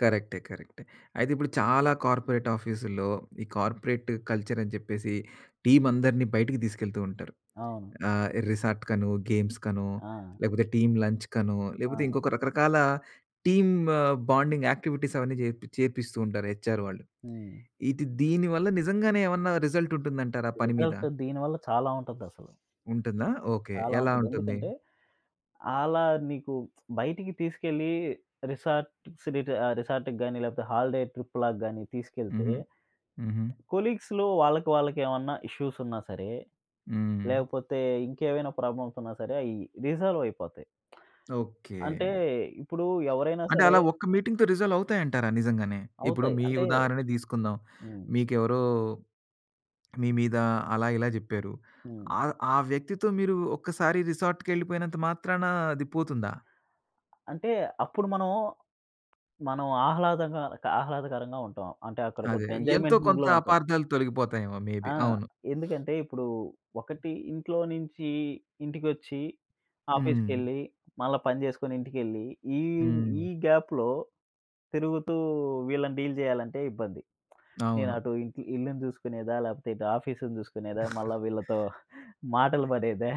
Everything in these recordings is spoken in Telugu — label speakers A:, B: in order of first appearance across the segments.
A: కరెక్టే, కరెక్టే. అయితే ఇప్పుడు చాలా కార్పొరేట్ ఆఫీసుల్లో, ఈ కార్పొరేట్ కల్చరని చెప్పేసి టీమ్ అందరిని బయటికి దీసుకెళ్తూ ఉంటారు.
B: అవును.
A: ఆహ్, రిసార్ట్‌కనో, గేమ్స్‌కనో
B: ఆ!
A: లేకపోతే టీమ్ లంచ్‌కనో లేపోతే
B: ఆ!
A: ఇంకొక రకరకాల టీమ్ బాండింగ్ యాక్టివిటీస్ అవన్నీ జేపిచ్చి చేపిస్తూ ఉంటారు. హెచ్ఆర్ వాళ్ళు.
B: హ్మ్.
A: ఇది దీనివల్ల నిజంగానే ఏవన్నా రిజల్ట్ ఉంటుందంటారా పని మీద?
B: రిజల్ట్ దీనివల్ల చాలా ఉంటదసలు.
A: ఉంటుందా? ఓకే.
B: చాలా
A: ఎలా
B: ఉంటది.
A: ఉంటుంది?
B: ఎందుకంటే ఆలా నీకు బయటికి తీసుకెళ్ళి రిసార్ట్ సీట్ ఆహ్, రిసార్ట్‌కి గాని లేకపోతే హాలిడే ట్రిప్పు లాగా గాని తీసుకెళ్తే
A: హుహు. హుహు.
B: కొలీగ్స్‌లో వాళ్ళకి వాళ్ళకి ఏవన్నా ఇష్యూస్ ఉన్నా సరే
A: హ్మ్.
B: లేకపోతే ఇంకేవైనా ప్రాబ్లమ్స్ ఉన్నా సరే అయ్యి రిజాల్వయిపోతాయి.
A: ఓకే.
B: అంటే ఇప్పుడు ఎవరైనా
A: అంటే
B: సరే
A: అలా ఒక్క మీటింగ్‌తో రిజాల్వ్ అవుతాయంటారా నిజంగానే? ఇప్పుడు
B: అవుతాయి.
A: మీ
B: అంటే
A: ఉదాహరణే దీసుకుందాం.
B: హ్మ్.
A: మీకెవరో మీ మీద అలా, ఇలా జెప్పారు.
B: హ్మ్.
A: ఆహ్, ఆ వ్యక్తితో మీరు ఒక్కసారి రిసార్ట్‌కెళ్లిపోయినంత మాత్రాన అది పోతుందా?
B: అంటే అప్పుడు మనం, మనం ఆహ్లాదంగా క ఆహ్లాదకరంగా ఉంటాం. అంటే అక్కడ
A: అదే
B: కొంచెం
A: ఎంతో
B: ఎంజాయ్‌మెంట్
A: కొంత
B: మూడ్‌లో ఉంటాం.
A: అపార్ధాలు తొలగిపోతాయేమో! మే బి,
B: ఆ!
A: అవును.
B: ఎందుకంటే ఇప్పుడు ఒకటి ఇంట్లో నుంచి ఇంటికొచ్చి,
A: హ్మ్.
B: ఆఫీస్‌కెళ్ళి, మళ్ళా పనిచేసుకొని ఇంటికెళ్ళి, ఈ హ్మ్,
A: హ్మ్.
B: ఈ గాప్‌లో తిరుగుతూ వీళ్ళని డీల్ జేయాలంటే ఇబ్బంది. నేను
A: అవును.
B: అటు ఇంటి ఇల్లుని చూసుకునేదా? లేపోతే ఇటు ఆఫీసును చూసుకునేదా? మళ్ళా వీళ్ళతో మాటలు పడేదా?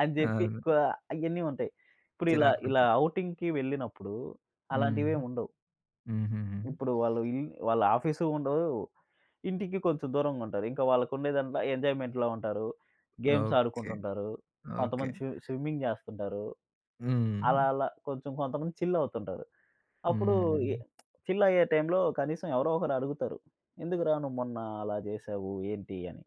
B: అని చెప్పి క
A: అవును.
B: ఇయన్నీ ఉంటాయి. ఇప్పుడు ఇలా ఇలా
A: చిరాకుంటుంది.
B: ఔటింగ్‌కి వెళ్ళినప్పుడు
A: హ్మ్.
B: అలాంటివేమి ఉండవు.
A: హుహుహు.
B: ఇప్పుడు వాళ్ళు వ్యూ వాళ్ళ ఆఫీసు ఉండవు. ఇంటికి కొంచెం దూరంగుంటారు. ఇంక వాళ్ళకు ఉండేదంటా ఎంజాయ్‌మెంట్‌లో ఉంటారు. Games
A: okay.
B: ఆడుకుంటుంటారు.
A: ఓకే.
B: కొంతమంది స్వి స్విమ్మింగ్ జేస్తుంటారు. అలా
A: హ్మ్.
B: అలా కొంచెం కొంతమంది చిల్లవుతుంటారు. అప్పుడు ఈ
A: హ్మ్.
B: చిల్లయ్యే టైమ్‌లో కనీసం ఎవరో ఒకరు అడుగుతరు. "ఎందుకురా నువ్వు మొన్న అలా చేసావు? ఏంటి" అని.